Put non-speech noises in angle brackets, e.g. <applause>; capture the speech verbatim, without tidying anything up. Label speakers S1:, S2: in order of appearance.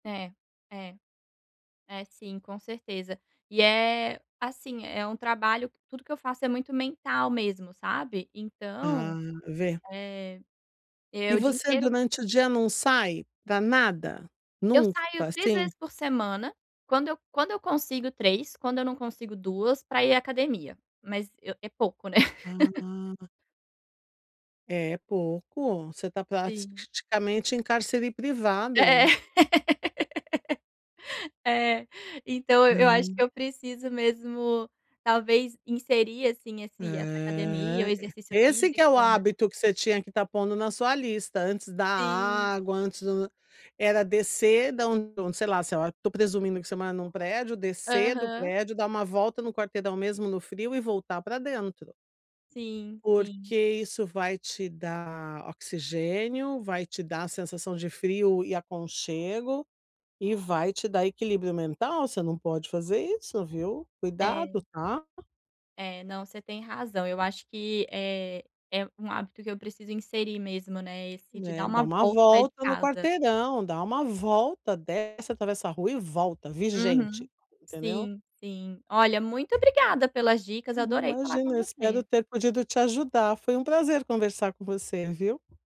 S1: É. É. É, sim, com certeza. E é, assim, é um trabalho, que tudo que eu faço é muito mental mesmo, sabe. Então,
S2: Ah, vê.
S1: eh, é
S2: E
S1: o dia
S2: você
S1: inteiro
S2: durante o dia não sai, pra nada?
S1: Eu
S2: Nunca,
S1: saio três
S2: assim?
S1: vezes por semana, quando eu quando eu consigo três, quando eu não consigo duas, pra ir à academia. Mas, eu é pouco né.
S2: Ah.
S1: <laughs>
S2: É, é pouco. Você tá prati
S1: Sim.
S2: praticamente em cárcere
S1: É é.
S2: privado.
S1: <laughs> É. Então, eu acho que
S2: Hum.
S1: eu preciso mesmo, talvez, inserir, assim, esse essa academia, o
S2: Aham.
S1: exercício
S2: E esse que é o
S1: físico né.
S2: hábito que você tinha que estar pondo na sua lista, antes da
S1: Sim.
S2: água, antes do era descer da onde do sei lá sei lá, tô presumindo que você mora num prédio, descer do
S1: Aham.
S2: prédio, dar uma volta no quarteirão, mesmo no frio e voltar pra dentro.
S1: Sim, sim.
S2: Porque isso vai te dar oxigênio, vai te dar a sensação de frio e aconchego, e vai te dar equilíbrio mental. Você não pode fazer isso, viu.
S1: É.
S2: Cuidado, tá?
S1: É, não, você tem razão. Eu acho que é é um hábito que eu preciso inserir mesmo, né, esse, de
S2: Né,
S1: dar
S2: dá
S1: uma
S2: uma
S1: volta e sair de
S2: volta no
S1: casa.
S2: quarteirão. Dá uma volta, desce atravessa a rua e volta. "Vi
S1: Uhum.
S2: gente". Entendeu?
S1: Sim, sim. Olha, muito obrigada pelas dicas,
S2: Uhum,
S1: adorei falar
S2: imagina.
S1: com
S2: Eu espero
S1: você.
S2: ter podido te ajudar. Foi um prazer conversar com você, viu.